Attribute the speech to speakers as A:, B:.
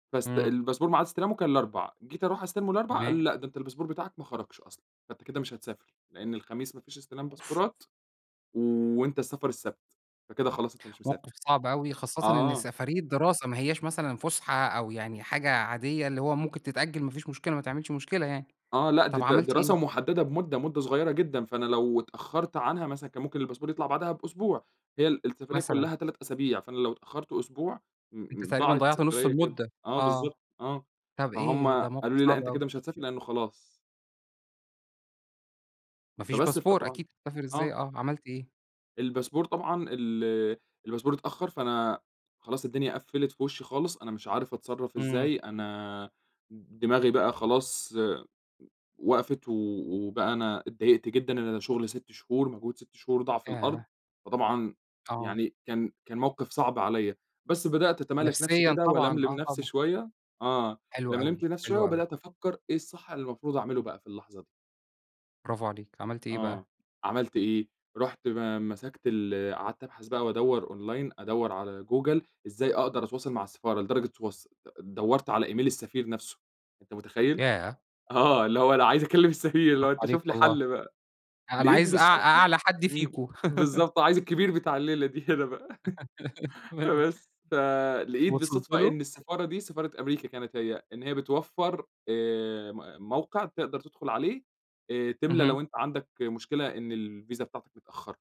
A: بس
B: إمم.
A: الباسبور معاد استلامه كان الأربع، جيت أروح أستلمه الأربعاء، قالوا
B: تمام.
A: لي: "لأ، ده أنت الباسبور بتاعك ما خرجش أصلًا، فأنت كده مش هتسافر. لأن الخميس ما فيش استلام باسبورات وأنت السفر السبت، فكده خلاص أنت مش مسافر."
B: موقف صعب أوي، خاصةً إن
A: آه.
B: سفرية دراسة، ما هياش مثلًا فسحة أو يعني حاجة عاديّة اللي هو ممكن تتأجل ما فيش مشكلة، ما تعملش مشكلة يعني.
A: آه، لأ، دي
B: طَب،
A: د
B: عملت
A: دراسة
B: إيه؟
A: محددة بمدة، مدة صغيّرة جدًا. فأنا لو اتأخرت عنها مثلًا كان ممكن الباسبور يطلع بعدها بأسبوع، هي ال السفرية
B: مثلًا.
A: كلّها 3 أسابيع فأنا لو اتأخرت أسبوع، م
B: أنت
A: م
B: تقريبًا
A: ضاعت
B: ضيعت نص
A: السفرية كده.
B: المدة.
A: آه
B: آه،
A: بالضبط، آه.
B: طب
A: فهُم
B: إيه، ده موقف
A: قالوا لي: "لأ،
B: صعب
A: أنت
B: أوي.
A: كده مش هتسافر لأنّه خلاص."
B: ما فيش
A: فبَس
B: باسبور
A: فطبعًا
B: أكيد تسافر إزاي.
A: آه.
B: آه، عملت إيه؟
A: الباسبور طبعًا ال الباسبور اتأخر، فأنا خلاص الدنيا قفّلت في وشي خالص. أنا مش عارف أتصرّف
B: إمم
A: إزاي، أنا د دماغي بقى خلاص وقفت و وبقى أنا اتضايقت جدًا. أنا شغل 6 شهور، مجهود 6 شهور ضاع في الأرض،
B: ياه!
A: فطبعًا
B: آه.
A: يعني كان كان موقف صعب عليَّ. بس بدأت أتمالك نفسي
B: نفسيًا
A: كده
B: طبعًا.
A: وألملم
B: آه،
A: نفسي
B: طبعًا.
A: شويّة. آه،
B: حلو
A: لملمت
B: أوي،
A: نفسي شويّة
B: حلو أوي.
A: وبدأت أفكّر إيه الصح اللي المفروض أعمله بقى في اللحظة دي.
B: برافو عليك. عملت إيه
A: آه،
B: بقى؟
A: عملت إيه؟ رُحت م مسكت ال قعدت أبحث بقى وأدور online أدور على جوجل إزاي أقدر أتواصل مع السفارة، لدرجة تص دورت على email السفير نفسه، أنت متخيّل؟
B: ياه!
A: آه، اللي هو أنا عايز أكلم السفير اللي
B: برافو
A: هو أنت
B: عليك
A: شُف لي
B: والله.
A: حل بقى.
B: أنا
A: لقيت
B: عايز أع
A: بالصدفة
B: أعلى حد
A: إمم،
B: فيكم.
A: بالضبط. عايز الكبير بتاع الليلة دي هنا بقى.
B: تمام.
A: فبس فلقيت
B: وصلت
A: بالصدفة
B: له؟
A: إن السفارة دي، سفارة أمريكا كانت هي، إن هي بتوفر آآ، م موقع تقدر تدخل عليه. آآ، تملى
B: اهم.
A: لو أنت عندك مشكلة إن الفيزا بتاعتك متأخّرة.